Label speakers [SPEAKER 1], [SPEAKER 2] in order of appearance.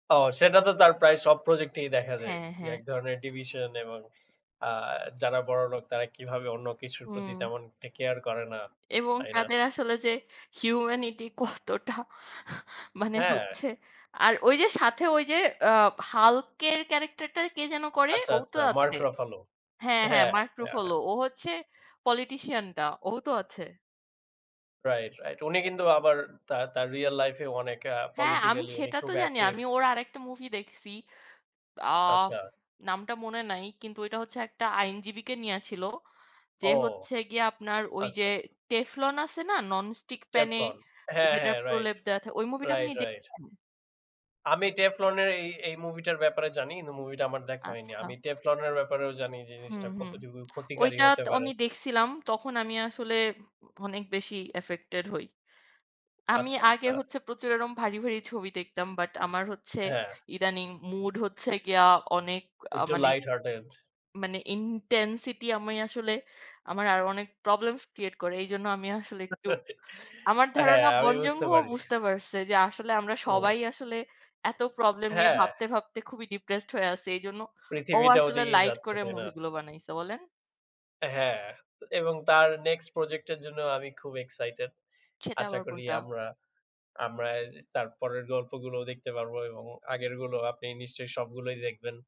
[SPEAKER 1] ও সেটাতো তার প্রায় সব প্রজেক্ট-এই দেখা যায়।
[SPEAKER 2] হ্যাঁ,
[SPEAKER 1] যে
[SPEAKER 2] হ্যাঁ।
[SPEAKER 1] এক ধরনের ডিভিশন এবং আ যারা বড়লোক তারা কিভাবে অন্য কিছুর প্রতি
[SPEAKER 2] উম
[SPEAKER 1] তেমন একটা কেয়ার করে না।
[SPEAKER 2] এবং
[SPEAKER 1] তাই না?
[SPEAKER 2] তাদের আসলে যে হিউম্যানিটি কতটা, মানে
[SPEAKER 1] হ্যাঁ।
[SPEAKER 2] হচ্ছে? আর ওইযে সাথে ওইযে, আ হাল্কের ক্যারেক্টার-টা কে যেন করে?
[SPEAKER 1] আচ্ছা,
[SPEAKER 2] ও তো
[SPEAKER 1] আচ্ছা, মার্ক
[SPEAKER 2] আছে।
[SPEAKER 1] রাফেলো।
[SPEAKER 2] হ্যাঁ, হ্যাঁ,
[SPEAKER 1] হ্যাঁ,
[SPEAKER 2] মার্ক
[SPEAKER 1] অ্যা
[SPEAKER 2] রাফেলো।
[SPEAKER 1] হ্যাঁ।
[SPEAKER 2] ও হচ্ছে পলিটিশিয়ান-টা। ও তো আছে।
[SPEAKER 1] Right, right. উনি কিন্তু আবার তার, তার রিয়েল লাইফে অনেক আ
[SPEAKER 2] হ্যাঁ, আমি
[SPEAKER 1] পোলিটিকলি উনি খুব
[SPEAKER 2] সেটাতো জানি।
[SPEAKER 1] অ্যাক্টিভ।
[SPEAKER 2] আমি ওর আরেকটা মুভিদেখছি। আ
[SPEAKER 1] আচ্ছা।
[SPEAKER 2] নামটা মনে নাই। কিন্তু ওইটা হচ্ছে একটা আইনজীবীকে নিয়া ছিল। যে
[SPEAKER 1] ও!
[SPEAKER 2] হচ্ছে গিয়া আপনার ওইযে
[SPEAKER 1] আচ্ছা, আচ্ছা।
[SPEAKER 2] টেফলন আছে না, ননস্টিক প্যানে
[SPEAKER 1] টেফলন? হ্যাঁ,
[SPEAKER 2] যেটার
[SPEAKER 1] হ্যাঁ, রাইট,
[SPEAKER 2] প্রলেপ দেওয়া থাকে, ওই movie-টা আপনি
[SPEAKER 1] রাইট, রাইট।
[SPEAKER 2] দেখছেন?
[SPEAKER 1] আমি টেফলনের এই, এই মুভিটার ব্যাপারে জানি কিন্তু মুভিটা আমার দেখা হয়নি।
[SPEAKER 2] আচ্ছা।
[SPEAKER 1] আমি টেফলনের ব্যাপারেও জানি
[SPEAKER 2] হুম,
[SPEAKER 1] জিনিসটা
[SPEAKER 2] হুম।
[SPEAKER 1] কতটুকু ক্ষতিকারী হতে
[SPEAKER 2] ওইটাতো
[SPEAKER 1] পারে।
[SPEAKER 2] আমি দেখছিলাম। তখন আমি আসলে, অনেক বেশি অ্যাফেক্টেড্ হই। আমি
[SPEAKER 1] আচ্ছা,
[SPEAKER 2] আগে
[SPEAKER 1] আচ্ছা।
[SPEAKER 2] হচ্ছে প্রচুর এরকম ভারী, ভারী ছবি দেখতাম। বাট আমার হচ্ছে,
[SPEAKER 1] হ্যাঁ।
[SPEAKER 2] ইদানিং মুড হচ্ছে গিয়া অনেক আ
[SPEAKER 1] একটু
[SPEAKER 2] মানে,
[SPEAKER 1] লাইট-হার্টেড।
[SPEAKER 2] মানে ইনটেনসিটি আমি আসলে আমার আরও অনেক প্রবলেমস্ ক্রিয়েট্ করে। এইজন্য আমি আসলে একটু আমার
[SPEAKER 1] হ্যাঁ,
[SPEAKER 2] ধারণা
[SPEAKER 1] আমি
[SPEAKER 2] বং
[SPEAKER 1] বুঝতে
[SPEAKER 2] জুন-হো
[SPEAKER 1] পারছি।
[SPEAKER 2] বুঝতে পারছে যে আসলে আমরা
[SPEAKER 1] হুম।
[SPEAKER 2] সবাই আসলে এত প্রবলেম নিয়ে
[SPEAKER 1] হ্যাঁ।
[SPEAKER 2] ভাবতে, ভাবতে খুবই ডিপ্রেসড্ হয়ে আছি। এইজন্য ও
[SPEAKER 1] পৃথিবীটা
[SPEAKER 2] আসলে
[SPEAKER 1] ওদিকেই
[SPEAKER 2] লাইট
[SPEAKER 1] যাচ্ছে,
[SPEAKER 2] করে
[SPEAKER 1] তাই না?
[SPEAKER 2] মুভিগুলো বানাইছে, বলেন!
[SPEAKER 1] অ্যা হ্যাঁ এবং তার নেক্সট প্রজেক্ট-এর জন্য আমি খুব এক্সাইটেড।
[SPEAKER 2] সেটা
[SPEAKER 1] আশা
[SPEAKER 2] আবার
[SPEAKER 1] করি
[SPEAKER 2] কোনটা?
[SPEAKER 1] আমরা, আমরা এইযে তার পরের গল্পগুলোও দেখতে পারবো এবং আগেরগুলো আপনি নিশ্চয়ই সবগুলোই দেখবেন।